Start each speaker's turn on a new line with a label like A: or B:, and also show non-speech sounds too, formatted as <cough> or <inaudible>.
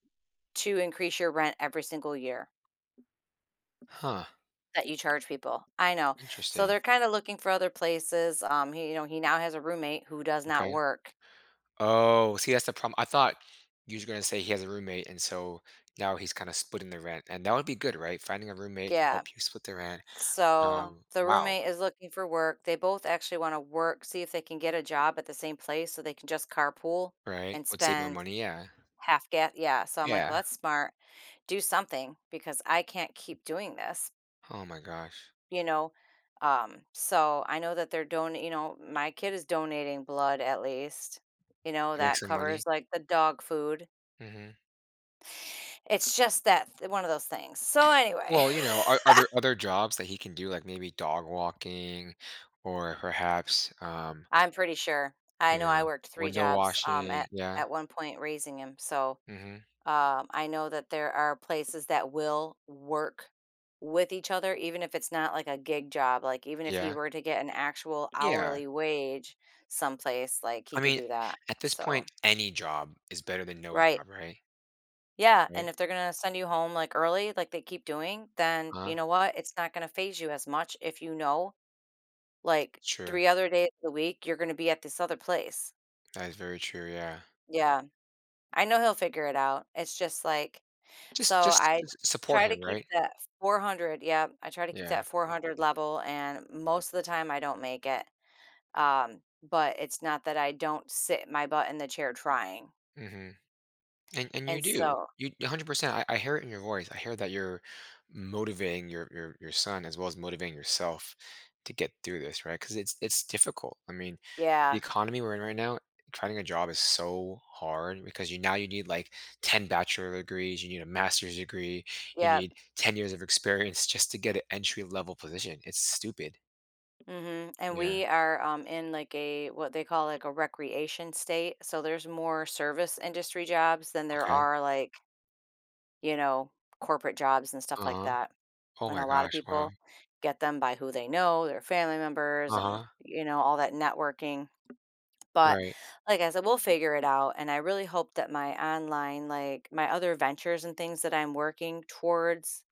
A: To increase your rent every single year
B: Huh.
A: that you charge people. I know. So
B: Interesting.
A: they're kinda looking for other places. Um, he you know he now has a roommate who does not
B: Okay.
A: work.
B: Oh, see that's the problem, I thought you were just gonna say he has a roommate, and so now he's kinda splitting the rent, and that would be good, right? Finding a roommate to
A: Yeah.
B: help you split the rent.
A: So,
B: Um,
A: the
B: wow.
A: roommate is looking for work, they both actually wanna work see if they can get a job at the same place so they can just carpool
B: Right,
A: and
B: would save more
A: spend
B: money, yeah.
A: half ga Yeah, so I'm like, "Well,
B: Yeah.
A: that's smart. Do something because I can't keep doing this."
B: Oh my gosh.
A: You know? Um, so I know that they're donat you know, my kid is donating blood at least. You know,
B: Make
A: that
B: some
A: covers,
B: money?
A: like, the dog food.
B: Mhm.
A: It's just that th one of those things, so anyway
B: Well, you know, are are there
A: <laughs>
B: other jobs that he can do, like, maybe dog walking or perhaps, um
A: I'm pretty sure. I
B: you
A: know I
B: know,
A: worked 3
B: window
A: jobs, um,
B: washing
A: at
B: yeah?
A: at one point raising him. So,
B: Mhm.
A: uh, I know that there are places that will work with each other, even if it's not like a gig job. Like, even if he
B: Yeah?
A: were to get an actual
B: Yeah.
A: hourly wage someplace, like, he
B: I
A: could
B: mean,
A: do that.
B: at this
A: So
B: point, any job is better than no
A: Right.
B: job, right?
A: Yeah, and
B: Right?
A: if they're gonna send you home, like, early, like they keep doing, then, you
B: Uh-huh.
A: know what? It's not gonna phase you as much if you know, like,
B: True.
A: 3 other days a week, you're gonna be at this other place.
B: That is very true, yeah.
A: Yeah. I know he'll figure it out. It's just, like
B: Just
A: so
B: just
A: I
B: just support
A: try to
B: him,
A: keep
B: right?
A: that 400 Yep. I try to keep
B: Yeah.
A: that 400 level, and most of the time I don't make it. Um, but it's not that I don't sit my butt in the chair trying.
B: Mhm. And and you
A: And
B: do.
A: so
B: You 100%, I I hear it in your voice, I hear that you're motivating your your your son as well as motivating yourself to get through this, right? 'Cause it's it's difficult. I mean, the
A: Yeah.
B: economy we're in right now, trying a job is so hard because you now you need, like, 10 bachelor degrees, you need a master's degree, you
A: Yep.
B: need 10 years of experience just to get an entry level position, it's stupid.
A: Mhm. And
B: Yeah.
A: we are, um, in, like, a what they call, like, a recreation state. So there's more service industry jobs than there
B: Okay.
A: are like you know, corporate jobs and stuff like
B: Uh-huh.
A: that.
B: Oh
A: And a
B: my
A: lot of
B: gosh, wow.
A: people get them by who they know, their family members, and,
B: Uh-huh.
A: you know, all that networking. But,
B: Right.
A: like I said, we'll figure it out. And I really hope that my online, like my other ventures and things that I'm working towards